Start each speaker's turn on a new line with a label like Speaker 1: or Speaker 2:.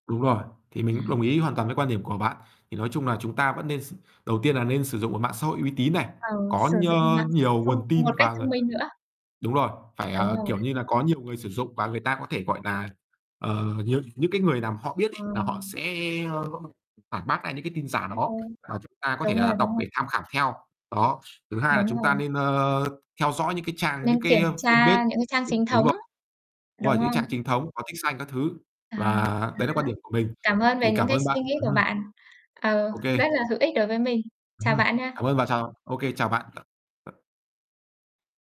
Speaker 1: Đúng rồi. Thì mình cũng đồng
Speaker 2: À.
Speaker 1: ý hoàn toàn với quan điểm của bạn. Thì nói chung là chúng ta vẫn nên s đầu tiên là nên sử dụng một mạng xã hội uy tín này,
Speaker 2: Ờ,
Speaker 1: có
Speaker 2: sử dụng
Speaker 1: nhơ
Speaker 2: mạng
Speaker 1: nhiều
Speaker 2: thông
Speaker 1: nguồn tin
Speaker 2: một
Speaker 1: và,
Speaker 2: cách
Speaker 1: ờ
Speaker 2: thông minh nữa.
Speaker 1: đúng rồi, phải,
Speaker 2: Đúng
Speaker 1: ờ,
Speaker 2: rồi.
Speaker 1: kiểu như là, có nhiều người sử dụng, và người ta có thể, gọi nà, ờ, những những, cái, người nào mà họ biết
Speaker 2: Ờ.
Speaker 1: ấy là họ sẽ, ơ, phản bác lại những cái tin giả
Speaker 2: Ờ,
Speaker 1: đó, và chúng ta có thể,
Speaker 2: đúng rồi,
Speaker 1: à,
Speaker 2: đúng
Speaker 1: đọc
Speaker 2: rồi.
Speaker 1: để tham khảo theo. Đó, thứ hai là
Speaker 2: Đúng
Speaker 1: chúng ta
Speaker 2: rồi.
Speaker 1: nên, ơ, theo dõi những cái trang, những
Speaker 2: Nên
Speaker 1: cái,
Speaker 2: kiểm
Speaker 1: ơ, fanpage,
Speaker 2: tra những cái trang
Speaker 1: ừm,
Speaker 2: chính
Speaker 1: đúng
Speaker 2: thống
Speaker 1: rồi,
Speaker 2: ấy,
Speaker 1: đúng
Speaker 2: đúng
Speaker 1: rồi. Những trang
Speaker 2: không?
Speaker 1: chính thống, có tích xanh các thứ,
Speaker 2: À,
Speaker 1: và
Speaker 2: ờ,
Speaker 1: đấy là quan
Speaker 2: đó.
Speaker 1: điểm của mình.
Speaker 2: Cảm ơn về
Speaker 1: Thì
Speaker 2: những
Speaker 1: cảm
Speaker 2: cái
Speaker 1: ơn bạn.
Speaker 2: suy nghĩ
Speaker 1: Ừm
Speaker 2: của
Speaker 1: hứm.
Speaker 2: bạn, ừ
Speaker 1: OK.
Speaker 2: rất là hữu ích đối với mình.
Speaker 1: Ừm
Speaker 2: Chào
Speaker 1: hứm,
Speaker 2: bạn
Speaker 1: cảm
Speaker 2: nha.
Speaker 1: ơn và chào OK, chào bạn. Ờ, ờ.